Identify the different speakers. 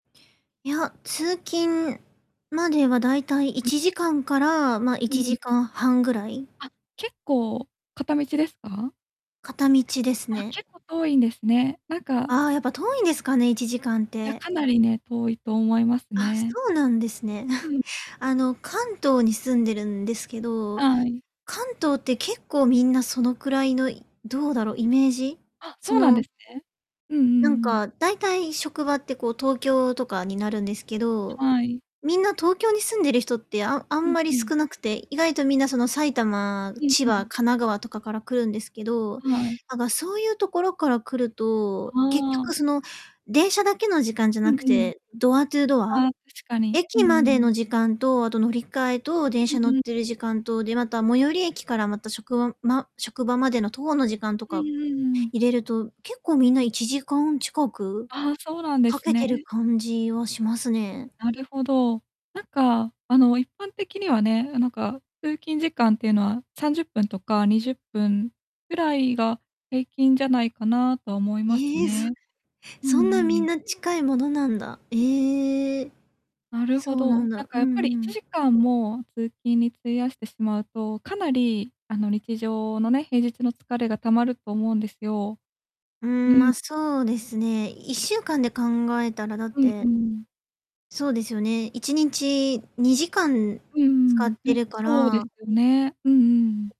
Speaker 1: いや、通勤まではだいたいい
Speaker 2: うん。
Speaker 1: ちじかんからま、い
Speaker 2: う
Speaker 1: ちじ
Speaker 2: ん。
Speaker 1: かんはんぐらい。
Speaker 2: あ、結構片道ですか？
Speaker 1: 片道です
Speaker 2: あ、
Speaker 1: ね。
Speaker 2: 結構遠いんですね。なんか
Speaker 1: ああ、やっぱ遠いんですかね、1時間っ
Speaker 2: いや、
Speaker 1: て。
Speaker 2: かなりね、遠いと思います
Speaker 1: あ、そ
Speaker 2: ね。
Speaker 1: うなんですね。
Speaker 2: う ん。
Speaker 1: あの、関東に住んでるんですけど、
Speaker 2: はい。
Speaker 1: 関東って結構みんなそのくらいのどうだろうイメージ。
Speaker 2: あ、
Speaker 1: そ
Speaker 2: そうなんで
Speaker 1: の
Speaker 2: すね。うんう
Speaker 1: なん
Speaker 2: んうん。
Speaker 1: かだいたい職場ってこう東京とかになるんですけど、
Speaker 2: はい。
Speaker 1: みんな東京に住んでる人ってああ
Speaker 2: う
Speaker 1: ん
Speaker 2: ん、
Speaker 1: まり
Speaker 2: うん。
Speaker 1: 少なくて、意外とみんなその埼玉、
Speaker 2: うん、
Speaker 1: 千
Speaker 2: う
Speaker 1: 葉、神
Speaker 2: ん。
Speaker 1: 奈川とかから来るんですけど、
Speaker 2: はい。
Speaker 1: なんかそういうところから来ると結
Speaker 2: ああ。
Speaker 1: 局その電車だけの時間じゃ
Speaker 2: うん
Speaker 1: なく
Speaker 2: うん。
Speaker 1: て、ドアトゥードア。
Speaker 2: ああ、確かに。うん
Speaker 1: 駅ま
Speaker 2: う
Speaker 1: で
Speaker 2: ん。
Speaker 1: の時間と、あと乗り換えと電
Speaker 2: う
Speaker 1: 車
Speaker 2: ん
Speaker 1: 乗っ
Speaker 2: うん。
Speaker 1: てる時間と、で、また最寄り駅からまた職場、ま職場までの徒歩の時間と
Speaker 2: うん
Speaker 1: か、
Speaker 2: うんうん。
Speaker 1: 入れると、結構みんな1時間近く、
Speaker 2: ああ、そうなんで
Speaker 1: 掛
Speaker 2: す
Speaker 1: けてる
Speaker 2: ね。
Speaker 1: 感じはしますね。
Speaker 2: なるほど。なんかあの、一般的にはね、なんか、通勤時間っていうのは30分とか20分ぐらいが平均じゃないかなとは思います
Speaker 1: ええ、そ
Speaker 2: ね。うん
Speaker 1: そ
Speaker 2: う
Speaker 1: んなみん
Speaker 2: ん。
Speaker 1: な近いものなんだ。ええ。
Speaker 2: なるほ
Speaker 1: そうな
Speaker 2: ど、
Speaker 1: ん
Speaker 2: なん
Speaker 1: だ、う
Speaker 2: か
Speaker 1: ん
Speaker 2: やっぱり
Speaker 1: う
Speaker 2: いち
Speaker 1: ん。
Speaker 2: じかんも通勤に費やしてしまうと、かなり、あの、日常のね、平日の疲れが溜まると思うんですよ。
Speaker 1: う
Speaker 2: う
Speaker 1: ん、ま、そうですね。1週間で考えたらだっ
Speaker 2: うん
Speaker 1: て
Speaker 2: うん。
Speaker 1: そうですよね。1日2時間
Speaker 2: うー
Speaker 1: 使
Speaker 2: ん、
Speaker 1: って
Speaker 2: ね、
Speaker 1: るか
Speaker 2: そうで
Speaker 1: ら
Speaker 2: すね。うんうん。